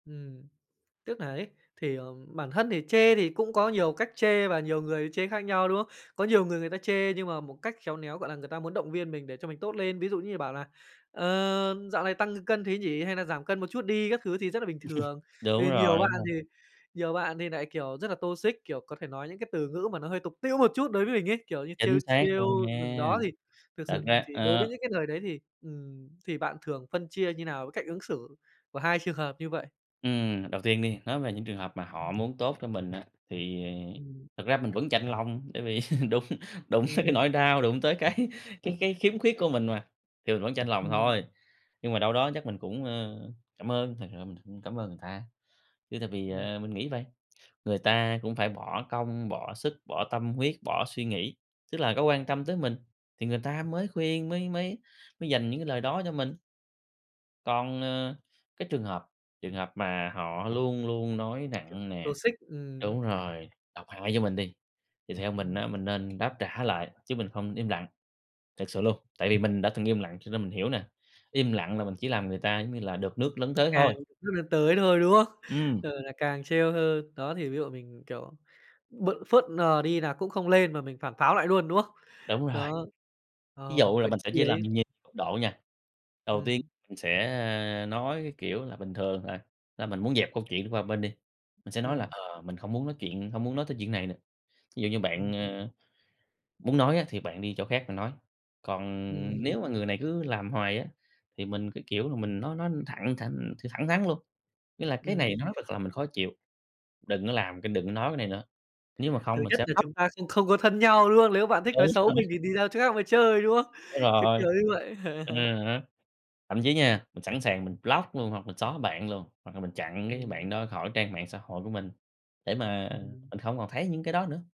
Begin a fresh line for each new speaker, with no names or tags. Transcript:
Ừm, tức nà ấy, thì, ờ, bản thân thì chê thì cũng có nhiều cách chê và nhiều người chê khác nhau, đúng không? Có nhiều người người ta chê nhưng mà một cách khéo néo, gọi là, người ta muốn động viên mình để cho mình tốt lên. Ví dụ như bảo là "Ờ, dạo này tăng cân thế nhỉ? Hay nà giảm cân một chút đi." các thứ thì rất là bình thường.
Đúng
Thì nhiều
rồi, đúng
bạn
rồi.
thì nhiều bạn thì nại, kiểu, rất là toxic, kiểu, có thể nói những cái từ ngữ mà nó hơi tục tĩu một chút đối với mình ấy, kiểu, như
Chính
trêu
xác
trêu,
luôn
ừm,
nha.
đó thì thực
Thật
sự
ra
thì đối với
ờ.
những cái lời đấy thì, ừm, thì bạn thường phân chia như nào với cách ứng xử của 2 trường hợp như vậy?
Ừm, đầu tiên đi nói về những trường hợp mà
Ừm.
họ muốn tốt cho mình á, thì
Ừm.
thực ra mình vẫn chạnh lòng, bởi vì đụng đụng tới cái
Ừm.
nỗi đau, đụng tới cái cái cái khiếm khuyết của mình mà, thì mình vẫn chạnh lòng
Ừm.
thôi. Nhưng mà đâu đó chắc mình cũng, ơ, cảm ơn, thực sự mình cũng cảm ơn người ta. Chứ tại vì,
Ừm.
ờ, mình nghĩ vầy, người ta cũng phải bỏ công, bỏ sức, bỏ tâm huyết, bỏ suy nghĩ, tức là có quan tâm tới mình, thì người ta mới khuyên, mới mới mới dành những cái lời đó cho mình. Còn, ờ, cái trường hợp trường hợp mà họ luôn luôn nói
Kiểu,
nặng nè
toxic, ừm.
đúng rồi, độc hại vô mình đi, thì theo mình
Ừm.
á mình nên đáp trả lại, chứ mình không im lặng, thực sự luôn. Tại vì mình đã từng im lặng cho nên mình hiểu nè, im lặng là mình chỉ làm người ta, giống như là, được nước lấn tới
Càng
thôi.
[unintelligible] nước lấn tới thôi, đúng không?
Ừm.
Ờ, là càng trêu hơn, đó thì ví dụ mình mình, kiểu, b phớt lờ đi là cũng không lên mà mình phản pháo lại luôn, đúng không?
Đúng rồi.
Đó,
Ví
ờ,
dụ là
vậy
mình sẽ
khi
chia làm
ấy
nhiều cấp độ nha. Đầu tiên
Ừm.
mình sẽ, a, nói cái kiểu là bình thường, à, là mình muốn dẹp câu chuyện qua một bên đi, mình sẽ nói là
Ừm.
"Ờ, mình hông muốn nói chuyện hông muốn nói tới chuyện này nữa. Ví dụ như
Ừm.
bạn, ơ, muốn nói á thì bạn đi chỗ khác mà nói." Còn
Ừm.
nếu mà người này cứ làm hoài á, thì mình cứ kiểu là, mình nói nói thẳng thẳng thẳng thắn luôn, nghĩa là "Cái
Ừm.
này nó thật làm mình khó chịu, đừng có làm cái đừng có nói bên này nữa, nếu mà
Thứ
không mình
nhất
sẽ
là
block."
chúng ta không không có thân nhau, đúng không? Lếu bạn thích
Đúng
nói xấu
rồi.
mình thì đi ra chỗ khác mà chơi, đúng không?
Đúng
Kiểu
rồi.
kiểu như vậy.
À há. Thậm chí
Ừm.
nha, mình sẵn sàng mình block luôn hoặc mình xóa bạn luôn, hoặc là mình chặn cái
Ừm.
bạn đó khỏi trang mạng xã hội của mình, để mà
Ừm.
mình không còn thấy những cái đó nữa.